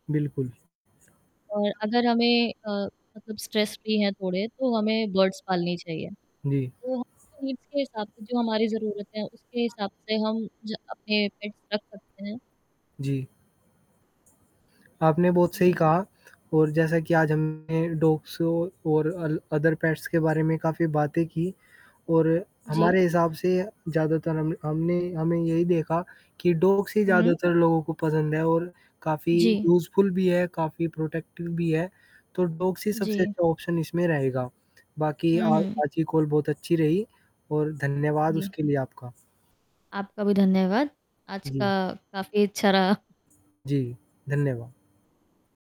बिल्कुल। और अगर हमें अ, मतलब स्ट्रेस फ्री हैं थोड़े, तो हमें बर्ड्स पालनी चाहिए। जी। वो हमारे नीड्स के हिसाब से जो हमारी ज़रूरतें हैं, उसके हिसाब से हम ज अपने पेट्स रख सकते हैं। जी। आपने बहुत सही ये कहा और जैसा कि आज हमने डॉग्स ओ और अल अदर पेट्स के बारे में काफ़ी बातें की और जी। हमारे हिसाब से ज़्यादातर हम हमने हमें यही देखा, कि डॉग्स ही हुँ। ज़्यादातर लोगों को पसंद है और काफ़ी जी। यूज़फुल भी है, काफ़ी प्रोटेक्टिव भी है। तो डॉग्स ही सबसे जी। अच्छा ऑप्शन इसमें रहेगा, बाकी अ, हुँ, हुँ। आज की कॉल बहुत अच्छी रही, और धन्यवाद जी। उसके लिए आपका। आपका भी धन्यवाद, आज का जी। काफ़ी अच्छा रहा। जी, धन्यवाद।